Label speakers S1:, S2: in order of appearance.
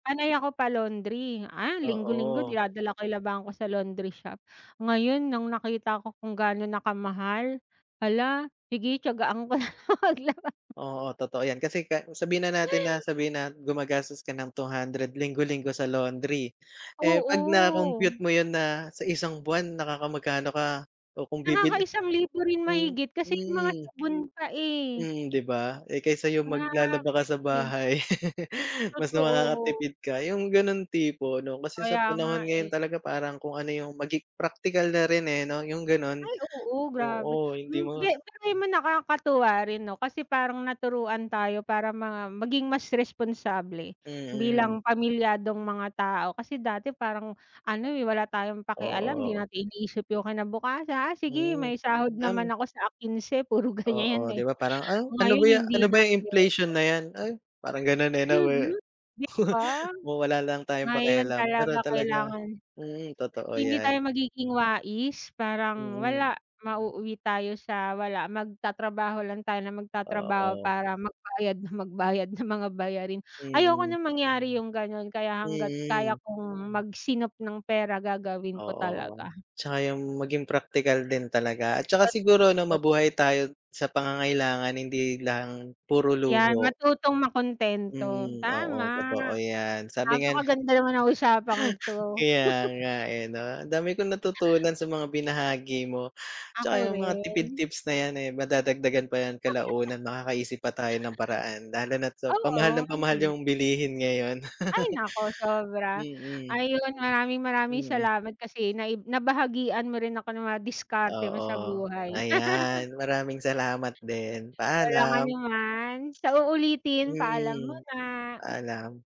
S1: Panay ako pa-laundry ah, linggo-linggo
S2: Oo.
S1: dinadala ko yung labahan ko sa laundry shop. Ngayon nang nakita ko kung gaano na kamahal, hala sige, tiyagaan ko na lang maglaba.
S2: Oo, totoo 'yan. Kasi ka sabihin na natin na sabihin na gumagastos ka ng 200 linggo-linggo sa laundry, eh 'pag na-compute
S1: Oo.
S2: mo 'yun na sa isang buwan nakakamagkano ka o kung bibili
S1: Nakaka-isang libo rin
S2: Hmm,
S1: mahigit kasi 'yung mga
S2: mm.
S1: sabon pa, eh.
S2: Mm 'di ba, eh, kaysa 'yung maglalaba ka sa
S1: Grabe.
S2: bahay, mas
S1: Totoo.
S2: makakakatipid ka 'yung ganon tipo 'no, kasi sa
S1: Kaya nga,
S2: panahon ngayon
S1: eh.
S2: talaga parang kung ano 'yung magi praktikal na rin eh, 'no, yung gano'n.
S1: Ay, oo, grabe.
S2: Oo, hindi
S1: Hmm,
S2: mo
S1: ge pero alam mo, nakakatuwa rin 'no, kasi parang naturuan tayo para ma maging mas responsable
S2: Mm.
S1: bilang pamilyadong mga tao kasi dati parang ano eh, wala tayong pakialam, 'di
S2: Oo.
S1: natin iniisip 'yung kinabukasa "Ah sige
S2: Mm,
S1: may sahod
S2: um
S1: naman ako sa, ah, kinse." Puro
S2: Oo
S1: ganiyan
S2: 'di
S1: eh,
S2: ba, parang ah, "Ano ba
S1: ngayon
S2: ya
S1: hindi
S2: ano ba
S1: na
S2: 'yang
S1: puwede.
S2: inflation na 'yan?" Ay parang ganon eh 'no, weh,
S1: Mhm, 'di ba?
S2: Ma wala lang tayong
S1: Ngayon
S2: pakialam
S1: talaga
S2: pero talaga
S1: kailangan.
S2: mm, totoo
S1: Kung hindi tayo
S2: 'yan.
S1: magiging wais parang
S2: Mm.
S1: wala, mauuwi tayo sa walam magtatrabaho lang tayo na magtatrabaho
S2: Oo.
S1: para magbayad nang magbayad ng mga bayarin ayoko
S2: Mm.
S1: ng mangyari 'yung gano'n kaya hanggat
S2: Mm.
S1: kaya kong magsinop ng pera gagawin ko
S2: Oo,
S1: talaga.
S2: tsaka 'yung maging praktikal din talaga at saka siguro 'no,
S1: [unintelligible]
S2: mabuhay tayo sa pangangailangan hindi lang puro
S1: 'Yan
S2: luho.
S1: matutong makuntento.
S2: Mm. Oo
S1: Tama,
S2: totoo 'yan, sabi nga ni
S1: napakaganda naman ng usapang ito.
S2: kaya nga eh 'no, ang dami kong natutunan sa mga binahagi mo.
S1: Ako
S2: Tsaka 'yung mga tipid
S1: rin.
S2: tips na 'yan eh, madadagdagan pa yan kalaunan makakaisip pa tayo ng paraan lalo na't sa pamahal
S1: Oo,
S2: ng pamahal
S1: hmm.
S2: 'yung bilihin ngayon.
S1: Ay, naku sobra.
S2: Mm.
S1: Ayun maraming-maraming
S2: Mm.
S1: salamat kasi naib nabahagian mo rin ako ng mga diskarte mo sa
S2: Oo
S1: buhay.
S2: ayan, maraming salamat din.
S1: Walang
S2: Paalam.
S1: anuman, sa uulitin. Paalam
S2: Mm,
S1: muna.
S2: paalam.